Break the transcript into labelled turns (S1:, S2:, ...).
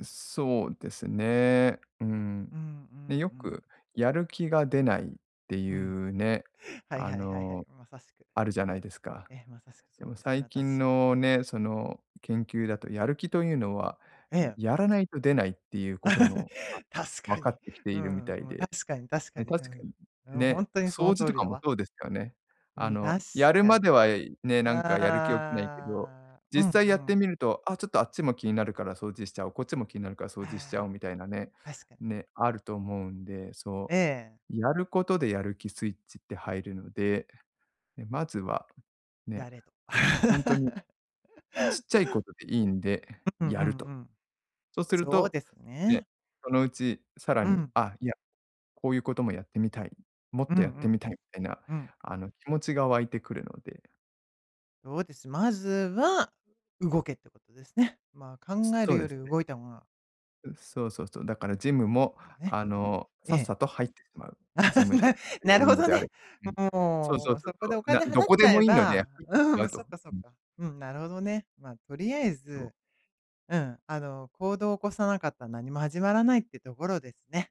S1: うそうですね。うーん、
S2: うん、うん、
S1: ね、よ
S2: うん。
S1: くやる気が出ないってい
S2: うん。
S1: うね、
S2: はい
S1: あ
S2: はいはいはい、
S1: の、
S2: まさしく。
S1: あるじゃないですか。
S2: ええ、まさしく
S1: で
S2: そう
S1: も
S2: ですね、
S1: 最近
S2: 私。
S1: のね、その研究だとやる気というのは
S2: ええ。
S1: やらないと出ないっていうこと も、あ、
S2: 確
S1: わ
S2: か
S1: か
S2: に。
S1: ってきて
S2: う
S1: いるみ
S2: ん
S1: た
S2: う
S1: い
S2: んうん、
S1: で、
S2: 確かに確か
S1: ね、
S2: に。う
S1: 確かに、
S2: ん。うん、ほ
S1: ね、
S2: んとにその
S1: 掃除
S2: 通
S1: と
S2: り
S1: か
S2: だ
S1: も
S2: わ。
S1: そうですよね。
S2: う
S1: あ
S2: ん、確
S1: の、やる
S2: か
S1: まで
S2: に。
S1: は、え、いね、なんかやる気起きないけど、
S2: ああ、うんう
S1: 実際やって
S2: ん。
S1: みると「あ、ちょっとあっちも気になるから掃除しちゃおう、こっちも気になるから掃除しちゃおう」
S2: ああ、
S1: みたいなね、
S2: 確かに。
S1: ね、あると思うんで、そ
S2: ええ。
S1: う、やることでやる気スイッチって入るので、ね、まずは、ね、
S2: やれと。
S1: ほんとに、ちっちゃいことでいいんで
S2: ううんう
S1: やると。
S2: んうん。
S1: そうする
S2: そう
S1: と、
S2: です
S1: ね、
S2: ね。
S1: そのうちさら
S2: う
S1: に
S2: ん。
S1: 「あ、いや、こういうこともやってみたい、もっ
S2: うん
S1: とやっ
S2: う
S1: てみ
S2: ん、
S1: たい」みたいな
S2: うん。
S1: あの、気持ちが湧いてくるので。
S2: そうです。まずは動けってことですね。まあ、考
S1: つ
S2: え
S1: そ
S2: る
S1: う
S2: よ
S1: で
S2: り
S1: すね。
S2: 動いた方が
S1: うん、そうそうそう、だからジム
S2: いいって
S1: も、
S2: ことね。
S1: あの、
S2: え
S1: さっ
S2: え。
S1: さと入ってしまう。ジ ムで
S2: な
S1: 通
S2: なる
S1: う
S2: ほ
S1: の
S2: ど
S1: であ
S2: ね。
S1: れうん。そうそ
S2: も
S1: う
S2: う、
S1: そう
S2: そこで
S1: そ
S2: お
S1: う、な
S2: 金
S1: ど
S2: 払っ
S1: こ
S2: ち
S1: で
S2: ゃえ
S1: もいいのでやっ
S2: ば
S1: てみて
S2: うん、
S1: ま
S2: もう
S1: う
S2: そ
S1: と。
S2: っかそっ
S1: うん。
S2: か。うん、なるほどね。ま、とりあえ
S1: そう。
S2: ず、うん、あの、行動を起こさなかった何も始まらないってところですね。